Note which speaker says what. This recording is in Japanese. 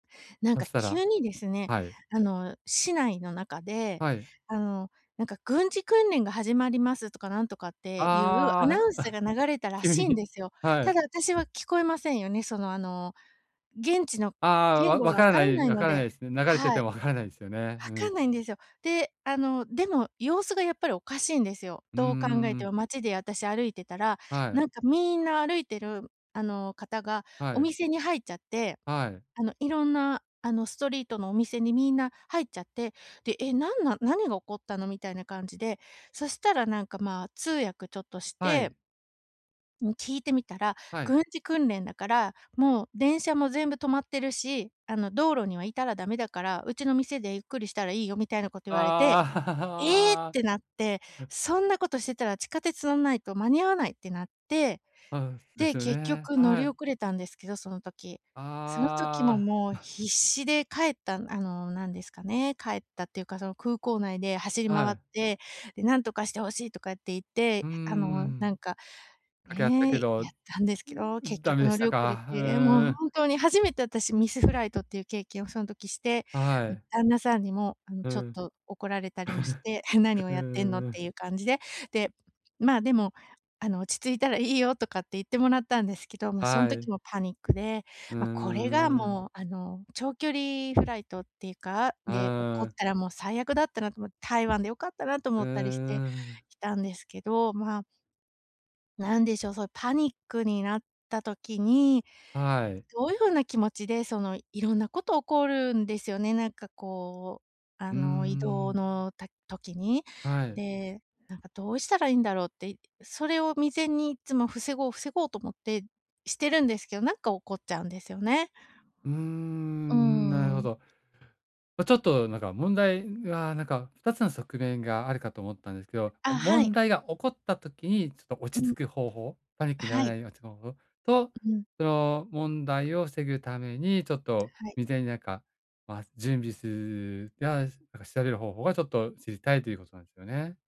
Speaker 1: なん
Speaker 2: そ
Speaker 1: か
Speaker 2: したら
Speaker 1: 急にですね、
Speaker 2: はい。
Speaker 1: あの、市内の中で、
Speaker 2: はい。
Speaker 1: あの、なんか「軍事訓練が始まります」とかなんとかっていうア
Speaker 2: ああ。
Speaker 1: ナウンスが流れた ら
Speaker 2: 急
Speaker 1: しいん
Speaker 2: に
Speaker 1: ですよ。
Speaker 2: は
Speaker 1: た
Speaker 2: い。
Speaker 1: だ私は聞こえませんよね。その、あの、現地の
Speaker 2: ああ、
Speaker 1: 言
Speaker 2: わ
Speaker 1: 語
Speaker 2: 分
Speaker 1: が
Speaker 2: か
Speaker 1: 分
Speaker 2: ら
Speaker 1: か
Speaker 2: な
Speaker 1: ら
Speaker 2: い
Speaker 1: ない
Speaker 2: 分
Speaker 1: の
Speaker 2: からな
Speaker 1: で
Speaker 2: いすね。流れて
Speaker 1: は
Speaker 2: て
Speaker 1: い。
Speaker 2: も分からないすよね。う
Speaker 1: 分か
Speaker 2: ん。
Speaker 1: んないんですよ。で、あの、でも様子がやっぱりおかしいんですよ、
Speaker 2: うんうん
Speaker 1: どう考え
Speaker 2: う
Speaker 1: て
Speaker 2: ん。
Speaker 1: も。町で私歩いてたら、
Speaker 2: はい。
Speaker 1: なんかみんな、歩いてる、あの、方が
Speaker 2: は
Speaker 1: お
Speaker 2: い。
Speaker 1: 店に入っちゃって、
Speaker 2: はい。
Speaker 1: あの、色んな、あの、ストリートのお店にみんな入っちゃって、で「え、なんなん？何が起こったの？」みたいな感じで、そしたらなんか、まあ、通訳ちょっとし
Speaker 2: は
Speaker 1: て
Speaker 2: い。
Speaker 1: うん、聞いてみたら
Speaker 2: はい。
Speaker 1: 「軍事訓練だから、もう電車も全部止まってるし、あの、道路には居たらダメだから、うちの店でゆっくりしたらいいよ」みたいなこと
Speaker 2: ああ。
Speaker 1: 言われて、「ええ！」っ
Speaker 2: ああ。
Speaker 1: て
Speaker 2: は。
Speaker 1: なって、そんなことしてたら地下鉄乗んないと間に合わないってなって、
Speaker 2: あう、です
Speaker 1: で、
Speaker 2: よ
Speaker 1: 結
Speaker 2: ね。
Speaker 1: 局乗
Speaker 2: は
Speaker 1: り
Speaker 2: い。
Speaker 1: 遅れたんですけど、その時。その時も、
Speaker 2: ああ。
Speaker 1: もう、必死で帰ったあの、なんですかね、帰ったっていうか、その、空港内で走り
Speaker 2: は
Speaker 1: 回っ
Speaker 2: い。
Speaker 1: て、で「なんとかして欲しい」とかって言って、
Speaker 2: うん、うう
Speaker 1: あ
Speaker 2: う
Speaker 1: の、
Speaker 2: ん。
Speaker 1: なんか、
Speaker 2: 掛け合った
Speaker 1: ね、
Speaker 2: け
Speaker 1: や
Speaker 2: ど、
Speaker 1: ったんですけど、結
Speaker 2: ダメ
Speaker 1: 局
Speaker 2: で
Speaker 1: 乗
Speaker 2: し
Speaker 1: り
Speaker 2: た
Speaker 1: 遅れ
Speaker 2: か。ふ
Speaker 1: て、もう
Speaker 2: ーん。
Speaker 1: ほんとに初めて私ミスフライトっていう経験をその時して、
Speaker 2: あ、は
Speaker 1: うん、
Speaker 2: い。
Speaker 1: 旦那さんにも、あの、
Speaker 2: う
Speaker 1: ちょっ
Speaker 2: ん。
Speaker 1: と怒られたりもして「え、何
Speaker 2: ふ、
Speaker 1: を
Speaker 2: う
Speaker 1: やってんの」
Speaker 2: ん
Speaker 1: っ
Speaker 2: うん。
Speaker 1: ていう感じで、で、まあ、でも、あの「落ち着いたらいいよ」とかって言ってもらったんですけど、もうそん
Speaker 2: はい。
Speaker 1: 時もパニックで、
Speaker 2: うー
Speaker 1: まあ、これが
Speaker 2: ん。
Speaker 1: もう、あの、長距離フライトっていうか、で、起
Speaker 2: あ
Speaker 1: こっ
Speaker 2: あ。
Speaker 1: たらもう最悪だったなとおも台湾で良かったなと
Speaker 2: う
Speaker 1: 思ったりして、
Speaker 2: ーん。
Speaker 1: きたんですけど、まあなんでしょう、そういうパニックになった時に、
Speaker 2: はい。
Speaker 1: どういう風な気持ちで、その、色んなこと起こるんですよね、なんかこう、あ
Speaker 2: うー
Speaker 1: の、移動
Speaker 2: ん。
Speaker 1: のた時に。
Speaker 2: はい。
Speaker 1: で、なんかどうしたらいいんだろうって、いそれを未然にいつも防ごう防ごうと思って、してるんですけど、なんか起っちゃうんですよね。
Speaker 2: うー
Speaker 1: う
Speaker 2: ん、なる
Speaker 1: ー
Speaker 2: ほ
Speaker 1: ん。
Speaker 2: ど。あ、ちょっとなんか、問題が、なんか、2つの側面があるかと思ったんですけど、あ、
Speaker 1: あ、は
Speaker 2: 問
Speaker 1: い。
Speaker 2: 題が起こった時に、ちょっと
Speaker 1: う
Speaker 2: 落ち着
Speaker 1: ん。
Speaker 2: く方法、パニックになら
Speaker 1: は
Speaker 2: な
Speaker 1: い。
Speaker 2: い落ち方法と、
Speaker 1: うん。
Speaker 2: その問題を防ぐために、ちょっと、
Speaker 1: はい。
Speaker 2: 未然になんか、まあ、準備するや、しなんか調べる方法がちょっと知りたいということなんですよね。